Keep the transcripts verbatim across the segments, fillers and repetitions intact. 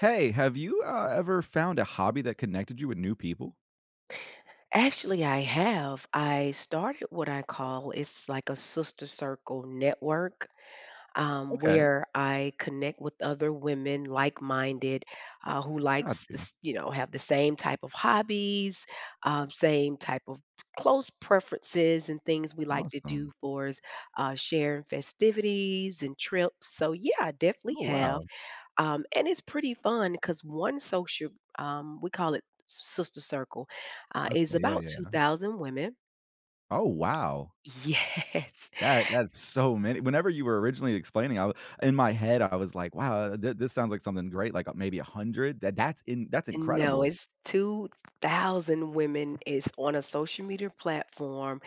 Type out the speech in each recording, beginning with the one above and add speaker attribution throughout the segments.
Speaker 1: Hey, have you, uh, ever found a hobby that connected you with new people?
Speaker 2: Actually, I have. I started what I call it's like a sister circle network, um,
Speaker 1: Okay.
Speaker 2: where I connect with other women, like-minded, uh, who
Speaker 1: Got
Speaker 2: likes the
Speaker 1: you.
Speaker 2: s you know, have the same type of hobbies, um, same type of clothes preferences, and things we like to do
Speaker 1: Awesome.
Speaker 2: for s uh, share festivities and trips, so, yeah, I definitely
Speaker 1: Oh,
Speaker 2: have.
Speaker 1: wow.
Speaker 2: Um, and it's pretty fun 'cause one social um, we call it "S S Sister Circle," uh, is
Speaker 1: Okay, yeah,
Speaker 2: about two
Speaker 1: yeah.
Speaker 2: thousand women
Speaker 1: Oh, wow.
Speaker 2: Yes.
Speaker 1: That that's so many whenever you were originally explaining, I in my head, I was like, "Wow, uh, thi this sounds like something great, like, uh, maybe a hundred?" Th that's in that's
Speaker 2: No,
Speaker 1: incredible.
Speaker 2: it's two thousand women, it's on a social media platform,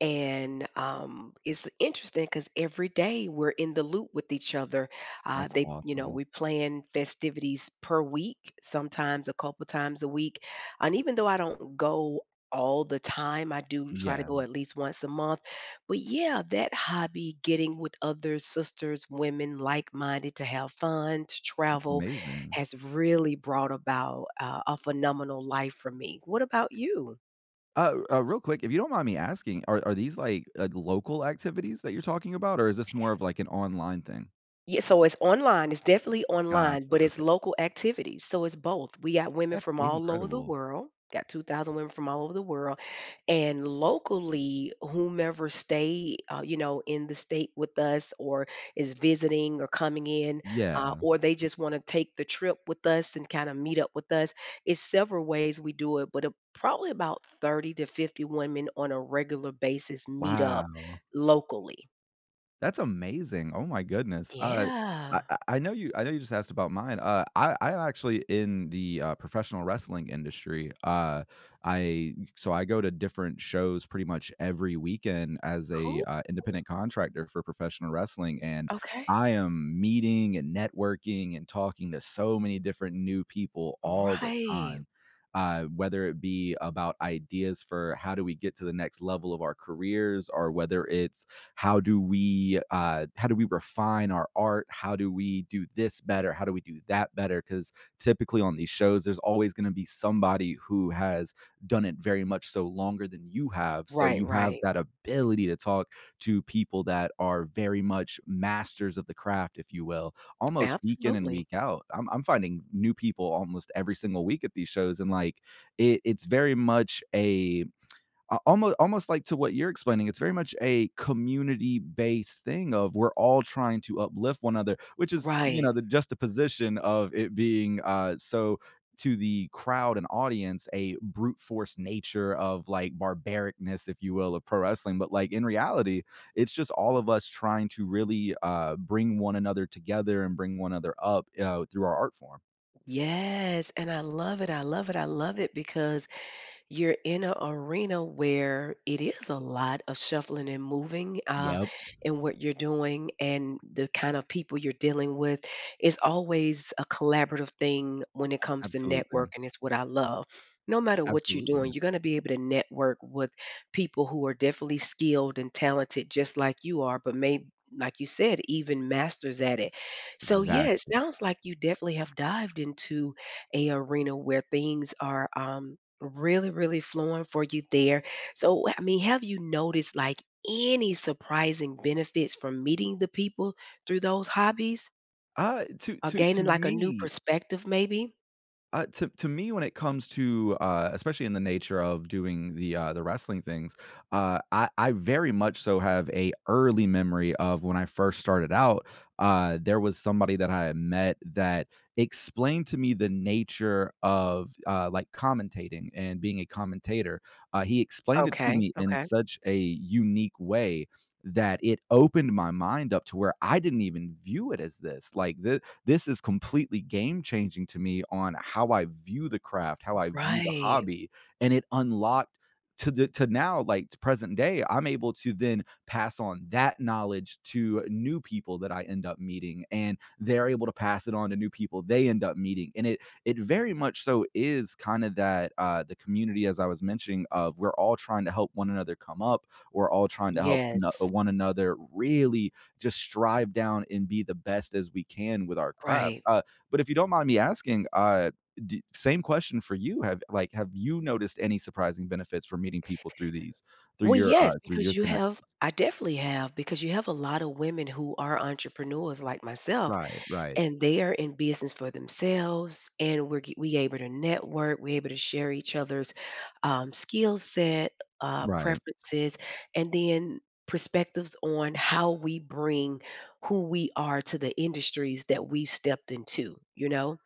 Speaker 2: and, um, it's interesting 'cause every day we're in the loop with each other. Uh,
Speaker 1: That's
Speaker 2: they you know,
Speaker 1: awesome.
Speaker 2: we plan festivities per week, sometimes a couple times a week. And even though I don't go all the time, I do try to
Speaker 1: Yeah.
Speaker 2: go at least once a month. But, yeah, that hobby, getting with other sisters, women, like-minded, to have fun, to
Speaker 1: That's
Speaker 2: travel,
Speaker 1: amazing.
Speaker 2: has really brought about, uh, a phenomenal life for me. What about you?
Speaker 1: Uh r uh, real quick, if you don't mind me asking, are are these, like, uh, local activities that you're talking about, or is this more like of, an online thing?
Speaker 2: Yeah, so it's online. It's definitely
Speaker 1: Got
Speaker 2: online,
Speaker 1: you.
Speaker 2: but it's
Speaker 1: Okay.
Speaker 2: local activities, so it's both. We got women
Speaker 1: That's
Speaker 2: from all over the
Speaker 1: incredible.
Speaker 2: world Got two thousand women from all over the world, and locally, whomever stay, uh, you know, in the state with us or is visiting or coming in, uh,
Speaker 1: Yeah.
Speaker 2: or they just wanna take the trip with us and kinda meet up with us, it's several ways we do it, but a probably about thirty to fifty women on a regular basis meet up
Speaker 1: Wow.
Speaker 2: locally.
Speaker 1: That's amazing, oh my goodness. Uh, I
Speaker 2: Yeah.
Speaker 1: I know you I know you just asked about mine, uh, I I'm actually in the, uh, professional wrestling industry. Uh, I So I go to different shows pretty much every weekend as a,
Speaker 2: Cool.
Speaker 1: uh, independent contractor for professional wrestling, and
Speaker 2: Okay.
Speaker 1: I am meeting and networking and talking to so many different new people all the
Speaker 2: Right.
Speaker 1: time, uh, whether it be about ideas for how do we get to the next level of our careers, or whether it's how do we, uh how do we refine our art, how do we do this better, how do we do that better, 'cause typically on these shows, there's always gonna be somebody who has done it very much so longer than you have, so
Speaker 2: Right,
Speaker 1: you have
Speaker 2: right.
Speaker 1: that ability to talk to people that are very much masters of the craft, if you will, almost week in and
Speaker 2: Absolutely.
Speaker 1: week out, I'm-I'm finding new people almost every single week at these shows, and like, i it's very much a a almo almost like to what you're explaining, it's very much a community-based thing of "we're all trying to uplift one another," which is, you
Speaker 2: Right.
Speaker 1: know, the juxtaposition of it being, uh, so to the crowd and audience, a brute-force nature of, like, barbaricness, if you will, of pro wrestling, but, like, in reality, it's just all of us trying to really, uh, bring one another together and bring one other up, uh, through our art form.
Speaker 2: Yes, and I love it, I love it, I love it because you're in a arena where it is a lot of shuffling and moving, uh,
Speaker 1: Yep.
Speaker 2: in what you're doing and the kind of people you're dealing with, is always a collaborative thing when it comes to
Speaker 1: Absolutely.
Speaker 2: networking- it's what I love. No matter what you're
Speaker 1: Absolutely.
Speaker 2: doing, you're gonna be able to network with people who are definitely skilled and talented just like you are, but may like you said, even masters at it. So, yes, it
Speaker 1: Exactly.
Speaker 2: sounds like you definitely have dived into a arena where things are, um, really, really flowing for you there. So, wha I mean, have you noticed, like, any surprising benefits from meeting the people through those hobbies
Speaker 1: Uh, i to
Speaker 2: or
Speaker 1: to
Speaker 2: gaining,
Speaker 1: to
Speaker 2: like, a new
Speaker 1: me
Speaker 2: perspective maybe?
Speaker 1: uh, to to me, when it comes to, uh- especially in the nature of doing the, uh, the wrestling things- uh, I I very much so have a early memory of when I first started out, uh, there was somebody that I had met that explained to me the nature of, uh, like, commentating and being a commentator. Uh, he explained it to
Speaker 2: Okay,
Speaker 1: me in
Speaker 2: okay.
Speaker 1: such a unique way that it opened my mind up to where I didn't even view it as this. Like, thi this is completely game-changing to me on how I view the craft, how I view the
Speaker 2: Right.
Speaker 1: hobby, and it unlocked to the to now, like, to present day, I'm able to then pass on that knowledge to new people that I end up meeting, and they're able to pass it on to new people they end up meeting, and it it very much so is kinda that, uh- the community, as I was mentioning- of we're all trying to help one another come up, we're all trying to help ano
Speaker 2: Yes.
Speaker 1: one another really just strive down and be the best as we can with our craft,
Speaker 2: Right.
Speaker 1: uh but if you don't mind me asking, uh, d same question for you. Have, like, have you noticed any surprising benefits for meeting people through these through
Speaker 2: Well,
Speaker 1: your, uh,
Speaker 2: yes,
Speaker 1: through your
Speaker 2: because you have
Speaker 1: connections?
Speaker 2: I definitely have, because you have a lot of women who are entrepreneurs, like myself,
Speaker 1: Right, right.
Speaker 2: and they are in business for themselves, and we're ge we able to network, we able to share each other's, um, skill set, uh,
Speaker 1: Right.
Speaker 2: preferences, and then perspectives on how we bring who we are to the industries that we stepped into, you know?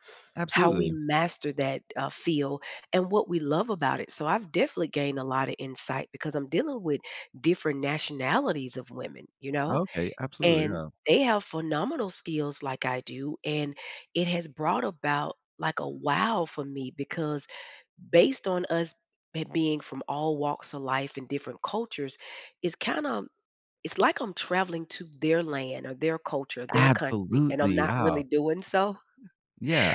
Speaker 2: How we
Speaker 1: Absolutely.
Speaker 2: master that, uh, field and what we love about it, so I've definitely gained a lotta insight because I'm dealing with different nationalities of women, you know?
Speaker 1: Okay, absolutely,
Speaker 2: And
Speaker 1: yeah.
Speaker 2: they have phenomenal skills like I do, and it has brought about, like, a, "Wow," for me because based on us ha being from all walks of life and different cultures, is kinda it's like I'm traveling to their land or their culture, their country, and I'm
Speaker 1: Absolutely,
Speaker 2: not really
Speaker 1: wow.
Speaker 2: doing so.
Speaker 1: Yeah.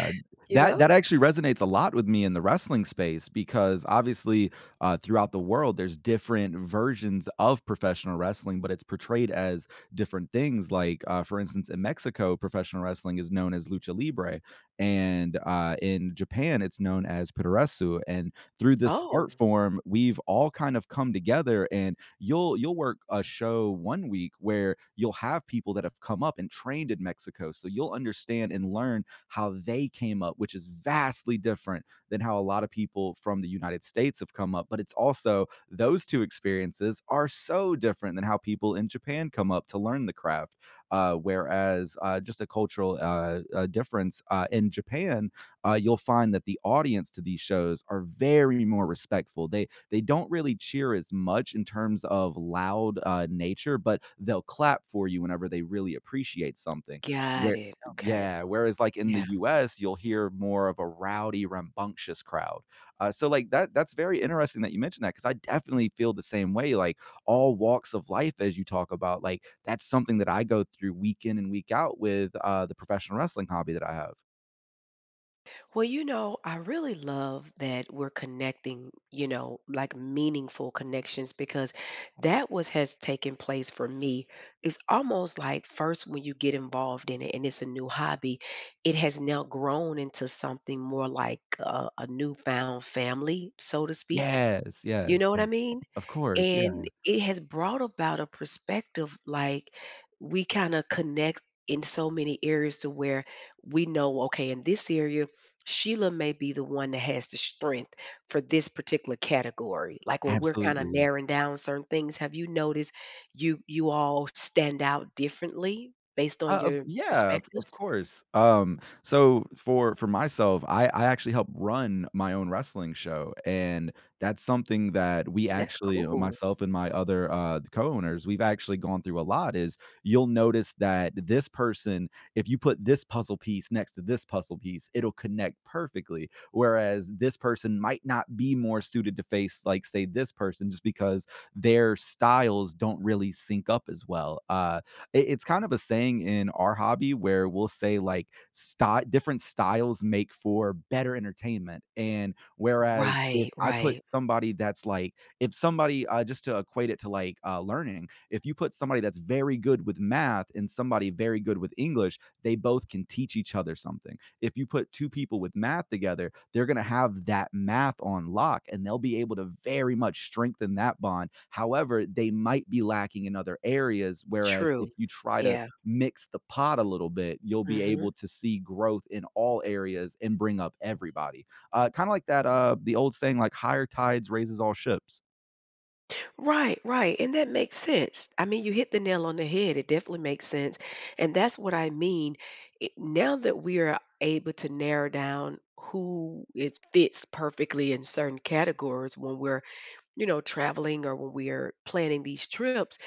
Speaker 2: You
Speaker 1: That that
Speaker 2: know?
Speaker 1: actually resonates a lot with me in the wrestling space because, obviously, uh, throughout the world, there's different versions of professional wrestling, but it's portrayed as different things, like, uh, for instance, in Mexico, professional wrestling is known as lucha libre, and, uh, in Japan, it's known as puderesu, and through this
Speaker 2: Oh.
Speaker 1: art form, we've all kind of come together, and you'll you'll work a show one week where you'll have people that have come up and trained in Mexico, so you'll understand and learn how they came up, which is vastly different than how a lot of people from the United States have come up, but it's also those two experiences are so different than how people in Japan come up to learn the craft. Uh, whereas, uh, just a cultural, uh uh, difference, uh, in Japan, uh, you'll find that the audience to these shows are very more respectful. They they don't really cheer as much in terms of loud, uh, nature, but they'll clap for you whenever they really appreciate something.
Speaker 2: Got
Speaker 1: Where
Speaker 2: it, okay.
Speaker 1: yeah, whereas, like, in the
Speaker 2: Yeah.
Speaker 1: US, you'll hear more of a rowdy, rambunctious crowd. Uh, so, like, that that's very interesting that you mentioned that 'cause I definitely feel the same way, like, all walks of life, as you talk about, like, that's something that I go through week in and week out with, uh, the professional wrestling hobby that I have.
Speaker 2: Well, you know, I really love that we're connecting, you know, like, meaningful connections, because that was has taken place for me. It's almost like first when you get involved in it and it's a new hobby, it has now grown into something more like a a newfound family, so to speak.
Speaker 1: Yes,
Speaker 2: You know
Speaker 1: yes,
Speaker 2: what
Speaker 1: yes.
Speaker 2: I mean?
Speaker 1: Of course,
Speaker 2: And
Speaker 1: yeah.
Speaker 2: it has brought about a perspective like, we kinda connect in so many areas to where we know, "Okay, in this area, Sheila may be the one that has the strength for this particular category," like, when we're kinda
Speaker 1: Absolutely.
Speaker 2: narrowing down certain things, have you noticed you you all stand out differently based on
Speaker 1: Uh, of
Speaker 2: your
Speaker 1: Yeah, of of
Speaker 2: perspectives?
Speaker 1: course. Um, so, for for myself, I I actually help run my own wrestling show, and that's something that we
Speaker 2: That's
Speaker 1: actually uh,
Speaker 2: cool.
Speaker 1: myself and my other, uh d co-owners, we've actually gone through a lot is, you'll notice that that this person if you put this puzzle piece next to this puzzle piece, it'll connect perfectly, whereas this person might not be more suited to face, like, say, this person just because their styles don't really sync up as well. Uh, it it's kind of a saying in our hobby where we'll say, like, "Sty Different styles make for better entertainment," and, whereas if
Speaker 2: Right,
Speaker 1: I put
Speaker 2: right.
Speaker 1: somebody that's, like if somebody Uh, just to equate it to, like, uh, learning, if you put somebody that's very good with Math and somebody very good with English, they both can teach each other something. If you put two people with math together, they're gonna have that math on lock, and they'll be able to very much strengthen that bond, however, they might be lacking in other areas, whereas
Speaker 2: True.
Speaker 1: if you try to
Speaker 2: Yeah.
Speaker 1: mix the pot a little bit, you'll be
Speaker 2: Mhm.
Speaker 1: able to see growth in all areas and bring up everybody. Uh, kinda like that, uh the old saying, like, "Higher tides raises all ships."
Speaker 2: Right. Right. And that makes sense. I mean, you hit the nail on the head. It definitely makes sense. And that's what I mean. I now that we are able to narrow down who it fits perfectly in certain categories when we're, you know, traveling or when we are planning these trips,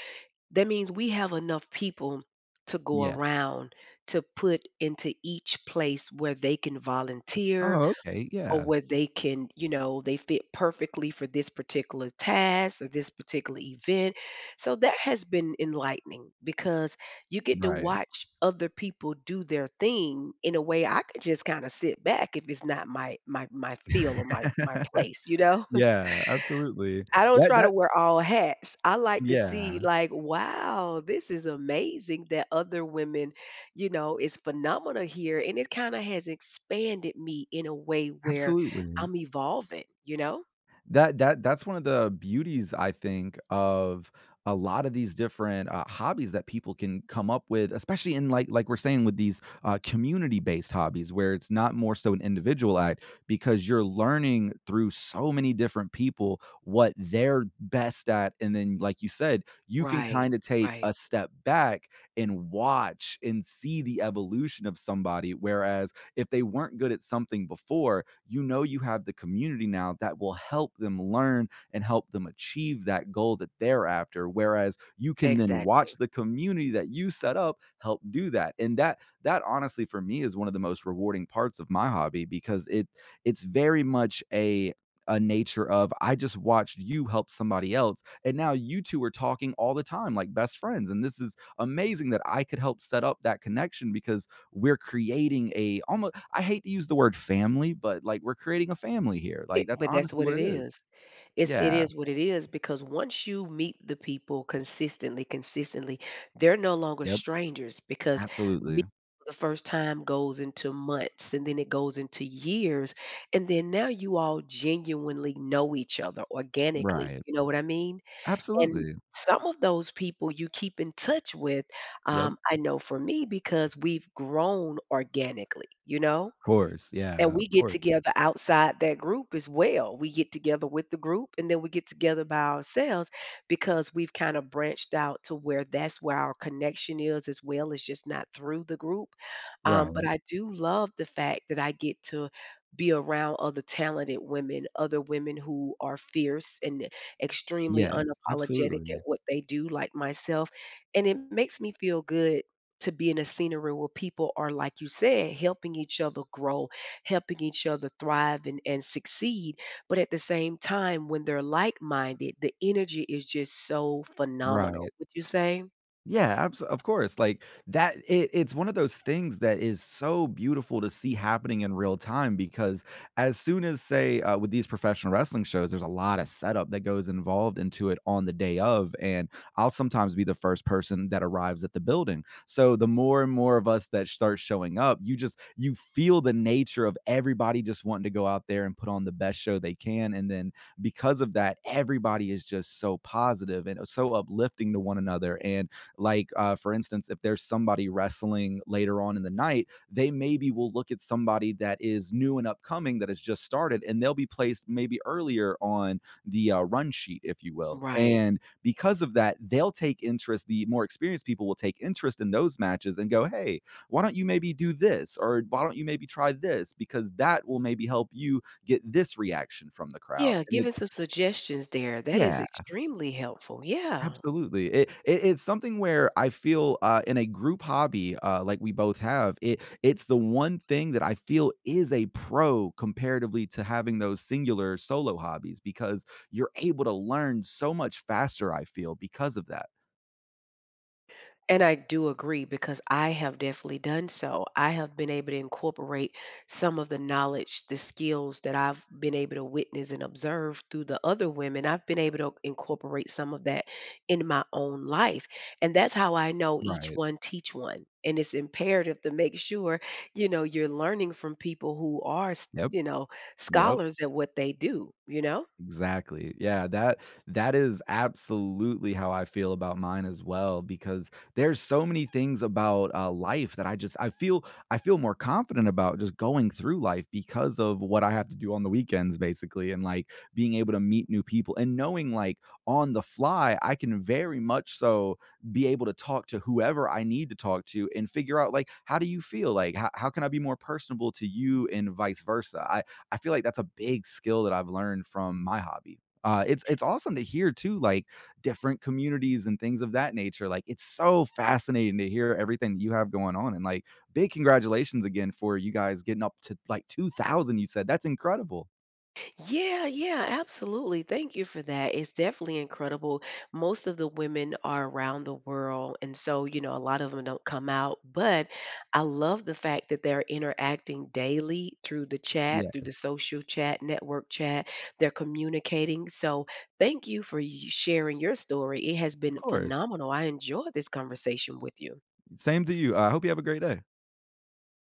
Speaker 2: that means we have enough people to go
Speaker 1: Yeah.
Speaker 2: around, to put into each place where they can volunteer,
Speaker 1: Oh, okay.
Speaker 2: or
Speaker 1: Yeah.
Speaker 2: where they can, you know, they fit perfectly for this particular task or this particular event. So that has been enlightening because you get to
Speaker 1: Right.
Speaker 2: watch other people do their thing in a way I could just kinda sit back if it's not my my my feel or my my place, you know?
Speaker 1: Yeah. Absolutely.
Speaker 2: I don't
Speaker 1: That
Speaker 2: try to
Speaker 1: that
Speaker 2: wear all hats. I like to see,
Speaker 1: Yeah.
Speaker 2: like, "Wow. This is amazing that other women," you know, "it's phenomenal here." And it kinda has expanded me in a way where
Speaker 1: Absolutely.
Speaker 2: I'm evolving. You know?
Speaker 1: That that that's one of the beauties, I think, of a lot of these different, uh, hobbies that people can come up with, especially in, like like we're saying, with these, uh, community-based hobbies where it's not more so an individual act, because you're learning through so many different people what they're best at. And then, like you said, you can
Speaker 2: Right.
Speaker 1: kinda take
Speaker 2: Right.
Speaker 1: a step back and watch and see the evolution of somebody. Whereas, if they weren't good at something before, you know you have the community now that will help them learn and help them achieve that goal that they're after. Whereas, you can then
Speaker 2: Exactly.
Speaker 1: watch the community that you set up help do that. And that that, honestly, for me, is one of the most rewarding parts of my hobby because it it's very much a a nature of I just watched you help somebody else, and now you two are talking all the time like best friends. And this is amazing that I could help set up that connection because we're creating a almo I hate to use the word "family," but, like, we're creating a family here.
Speaker 2: I
Speaker 1: Like, that's
Speaker 2: but that's
Speaker 1: honestly
Speaker 2: what
Speaker 1: what
Speaker 2: it
Speaker 1: it is.
Speaker 2: is. It's it
Speaker 1: Yeah.
Speaker 2: is what it is because once you meet the people consistently, consistently, they're no longer
Speaker 1: Yep.
Speaker 2: strangers because mee
Speaker 1: Absolutely.
Speaker 2: for the first time goes into months, and then it goes into years. And then now you all genuinely know each other organically.
Speaker 1: Right.
Speaker 2: You know what I mean? And
Speaker 1: Absolutely.
Speaker 2: some of those people you keep in touch with,
Speaker 1: Yep.
Speaker 2: um, I know for me, because we've grown organically. You know?
Speaker 1: Of course.
Speaker 2: And
Speaker 1: Yeah. Of
Speaker 2: we get
Speaker 1: course.
Speaker 2: together outside that group as well. We get together with the group, and then we get together by ourselves because we've kinda branched out to where that's where our connection is as well. It's just not through the group. Um, but
Speaker 1: Right.
Speaker 2: I do love the fact that I get to be around other talented women, other women who are fierce and extremely
Speaker 1: Yes.
Speaker 2: unapologetic at
Speaker 1: Absolutely.
Speaker 2: what they do, like myself. And it makes me feel good to be in a scenery where people are, like you said, helping each other grow, helping each other thrive and and succeed. But at the same time, when they're like-minded, the energy is just so phenomenal.
Speaker 1: Right.
Speaker 2: Would you say?
Speaker 1: Yeah, abso of course, like, that it it's one of those things that is so beautiful to see happening in real time, because as soon as, say, uh, with these professional wrestling shows, there's a lotta setup that goes involved into it on the day of, and I'll sometimes be the first person that arrives at the building, so, the more and more of us that start showing up, you just you feel the nature of everybody just wanting to go out there and put on the best show they can, and then because of that, everybody is just so positive and, uh, so uplifting to one another, and, like, uh, for instance, if there's somebody wrestling later on in the night, they maybe will look at somebody that is new and upcoming that has just started, and they'll be placed maybe earlier on the, uh, run sheet, if you will,
Speaker 2: Right.
Speaker 1: and because of that, they'll take interest the more experienced people will take interest in those matches and go, "Hey, why don't you maybe do this?" or, "Why don't you maybe try this?" because that will maybe help you get this reaction from the crowd,
Speaker 2: Yeah,
Speaker 1: and it's
Speaker 2: giving some suggestions there, that is
Speaker 1: Yeah.
Speaker 2: extremely helpful. Yeah.
Speaker 1: Absolutely. It it It's something where I feel, uh, in a group hobby, uh, like we both have, it it's the one thing that I feel is a pro comparatively to having those singular solo hobbies because you're able to learn so much faster, I feel, because of that.
Speaker 2: And I do agree because I have definitely done so. I have been able to incorporate some of the knowledge, the skills that I've been able to witness and observe through the other women, I've been able to incorporate some of that in my own life, and that's how I know each
Speaker 1: Right.
Speaker 2: one, teach one. And it's imperative to make sure, you know, you're learning from people who are s
Speaker 1: Yep.
Speaker 2: you know,
Speaker 1: Yep.
Speaker 2: scholars at what they do, you know?
Speaker 1: Exactly, yeah, that that is absolutely how I feel about mine as well, because there's so many things about, uh, life that I just I feel I feel more confident about just going through life because of what I have to do on the weekends, basically, and, like, being able to meet new people, and knowing, like, on the fly, I can very much so be able to talk to whoever I need to talk to and figure out, like, "How do you feel?" Like, "How how can I be more personable to you and vice versa?" I I feel like that's a big skill that I've learned from my hobby. Uh, it's it's awesome to hear too, like, different communities and things of that nature, like, it's so fascinating to hear everything that you have going on, and, like, big congratulations again for you guys getting up to, like, two thousand you said, that's incredible.
Speaker 2: Yeah, yeah, absolutely, thank you for that. It's definitely incredible, most of the women are around the world, and so, you know, a lot of them don't come out, but I love the fact that they're interacting daily through the chat, through the
Speaker 1: Yes.
Speaker 2: social chat, network chat, they're communicating, so, thank you for y sharing your story, it has
Speaker 1: Of
Speaker 2: been
Speaker 1: course.
Speaker 2: phenomenal, I enjoyed this conversation with you.
Speaker 1: Same to you, I hope you have a great day.